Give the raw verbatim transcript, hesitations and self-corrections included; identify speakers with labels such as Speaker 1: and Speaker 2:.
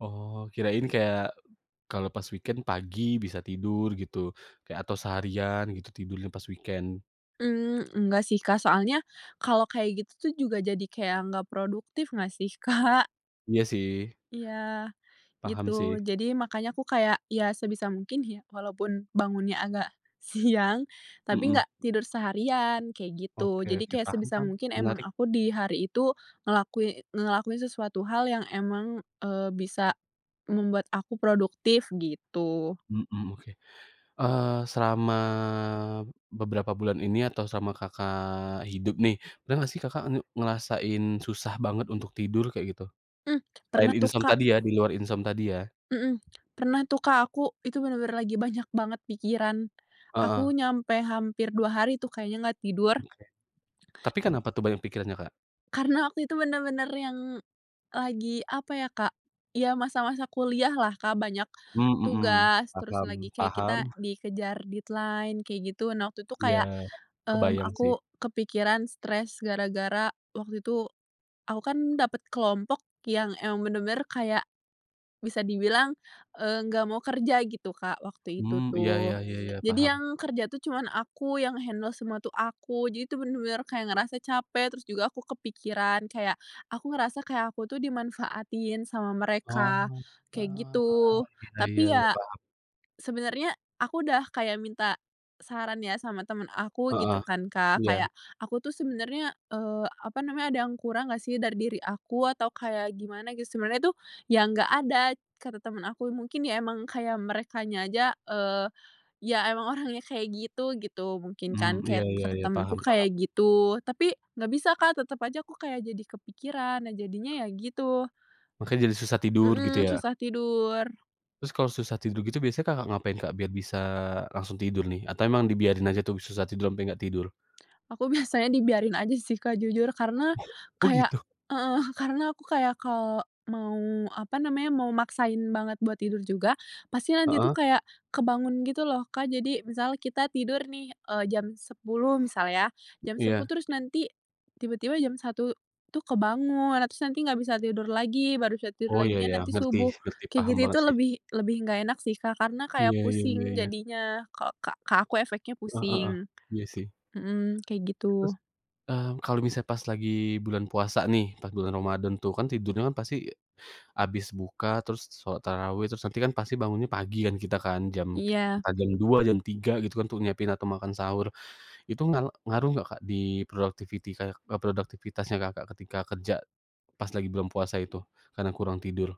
Speaker 1: Oh, kirain kayak, kalau pas weekend pagi bisa tidur gitu, kayak atau seharian gitu, tidurnya pas weekend.
Speaker 2: Mmm, nggak sih Kak, soalnya kalau kayak gitu tuh, juga jadi kayak nggak produktif, nggak sih Kak?
Speaker 1: Iya sih.
Speaker 2: Iya, gitu.
Speaker 1: Paham sih.
Speaker 2: Jadi, makanya aku kayak, ya sebisa mungkin ya, walaupun bangunnya agak siang, tapi
Speaker 1: Mhm.
Speaker 2: nggak tidur seharian kayak gitu,
Speaker 1: Oke
Speaker 2: jadi
Speaker 1: oke,
Speaker 2: kayak
Speaker 1: paham
Speaker 2: sebisa
Speaker 1: paham,
Speaker 2: mungkin emang
Speaker 1: menarik.
Speaker 2: aku di hari itu ngelakui ngelakuin sesuatu hal yang emang, eee, bisa membuat aku produktif, gitu.
Speaker 1: Mhm, oke, eee, selama beberapa bulan ini, atau selama Kakak hidup nih. Pernah nggak sih Kakak nge ngerasain susah banget untuk tidur, kayak gitu?
Speaker 2: Mmm,
Speaker 1: Selain
Speaker 2: pernah tuh
Speaker 1: insom
Speaker 2: Kak.
Speaker 1: tadi ya, di luar insom tadi ya.
Speaker 2: Mhm, pernah tuh Kak, aku itu benar-benar lagi banyak banget pikiran.
Speaker 1: Heeh.
Speaker 2: Aku nyampe hampir dua hari tuh, kayaknya nggak tidur.
Speaker 1: Oke. Tapi kenapa tuh, banyak pikirannya Kak?
Speaker 2: Karena, waktu itu benar-benar yang lagi, apa ya Kak, ya masa-masa kuliahlah Kak, banyak
Speaker 1: Mhm mhm,
Speaker 2: tugas, terus
Speaker 1: paham
Speaker 2: lagi kayak kita
Speaker 1: paham.
Speaker 2: dikejar deadline kayak gitu, nah waktu itu
Speaker 1: Iya,
Speaker 2: kayak, mmm,
Speaker 1: kebayang sih.
Speaker 2: aku kepikiran, stress gara-gara waktu itu, aku kan dapet kelompok yang emang benar-benar kayak, bisa dibilang, eee, nggak mau kerja gitu Kak, waktu itu
Speaker 1: Mmm, iya iya
Speaker 2: tuh.
Speaker 1: iya iya,
Speaker 2: Jadi,
Speaker 1: paham.
Speaker 2: yang kerja tuh cuman aku yang handle semua tuh aku, jadi tuh benar-benar kayak ngerasa capek, terus juga aku kepikiran kayak, aku ngerasa kayak aku tuh dimanfaatin sama mereka,
Speaker 1: Oh,
Speaker 2: kayak
Speaker 1: ah,
Speaker 2: gitu.
Speaker 1: iya iya
Speaker 2: Tapi
Speaker 1: iya,
Speaker 2: ya,
Speaker 1: paham.
Speaker 2: sebenarnya aku udah kayak minta saran ya, sama temen aku
Speaker 1: Heeh.
Speaker 2: gitu kan Kak,
Speaker 1: Iya.
Speaker 2: kayak "Aku tuh sebenarnya, eee, apa namanya ada yang kurang nggak sih dari diri aku, atau kayak gimana?" Gitu, sebenernya tuh, "Ya. nggak ada" kata temen aku, mungkin ya emang kayak merekanya aja, eee, ya emang orangnya kayak gitu gitu, mungkin
Speaker 1: Mmm,
Speaker 2: kan
Speaker 1: iya
Speaker 2: kayak
Speaker 1: iya
Speaker 2: kata
Speaker 1: iya,
Speaker 2: temenku
Speaker 1: paham paham.
Speaker 2: kayak gitu, tapi nggak bisa Kak, tetep aja aku kayak jadi kepikiran, nah jadinya ya gitu.
Speaker 1: Makanya jadi susah tidur, gitu
Speaker 2: Mhm,
Speaker 1: ya?
Speaker 2: susah tidur.
Speaker 1: Terus kalau susah tidur gitu biasanya Kakak ngapain Kak, biar bisa langsung tidur nih? Atau emang dibiarin aja tuh, susah tidur sampai nggak tidur?
Speaker 2: Aku biasanya dibiarin aja sih Kak, jujur. Karena,
Speaker 1: Oh,
Speaker 2: kayak
Speaker 1: gitu?
Speaker 2: heeh, karena aku kayak kalau mau, apa namanya, mau maksain banget buat tidur juga, pasti nanti tuh
Speaker 1: Heeh.
Speaker 2: kayak kebangun gitu loh Kak, jadi misal kita tidur nih, e jam sepuluh misal ya, jam sepuluh
Speaker 1: Iya.
Speaker 2: terus nanti tiba-tiba jam satu tuh kebangun, terus nanti nggak bisa tidur lagi, baru bisa tidur
Speaker 1: Oh, iya iya,
Speaker 2: laginya nanti
Speaker 1: ngerti
Speaker 2: subuh
Speaker 1: ngerti,
Speaker 2: kayak
Speaker 1: paham
Speaker 2: gitu
Speaker 1: banget
Speaker 2: itu
Speaker 1: sih.
Speaker 2: lebih lebih nggak enak sih Kak, karena
Speaker 1: Iya
Speaker 2: kayak
Speaker 1: iya iya
Speaker 2: pusing
Speaker 1: iya.
Speaker 2: jadinya ka ke ke aku efeknya
Speaker 1: Heeh heeh,
Speaker 2: pusing
Speaker 1: iya sih.
Speaker 2: mhm, kayak
Speaker 1: Terus,
Speaker 2: gitu.
Speaker 1: eee, kalau misalnya pas lagi bulan puasa nih, pas bulan ramadhan tuh, kan tidurnya pasti, habis buka terus sholat tarawih, terus nanti kan pasti bangunnya pagi kan, kita kan, jam
Speaker 2: Iya.
Speaker 1: entah jam dua, jam tiga, gitu kan, untuk nyiapin, atau makan sahur. Itu nga ngaruh nggak Kak, di productivity kayak ke produktivitasnya Kakak ketika kerja, pas lagi bulan puasa itu, karena kurang tidur?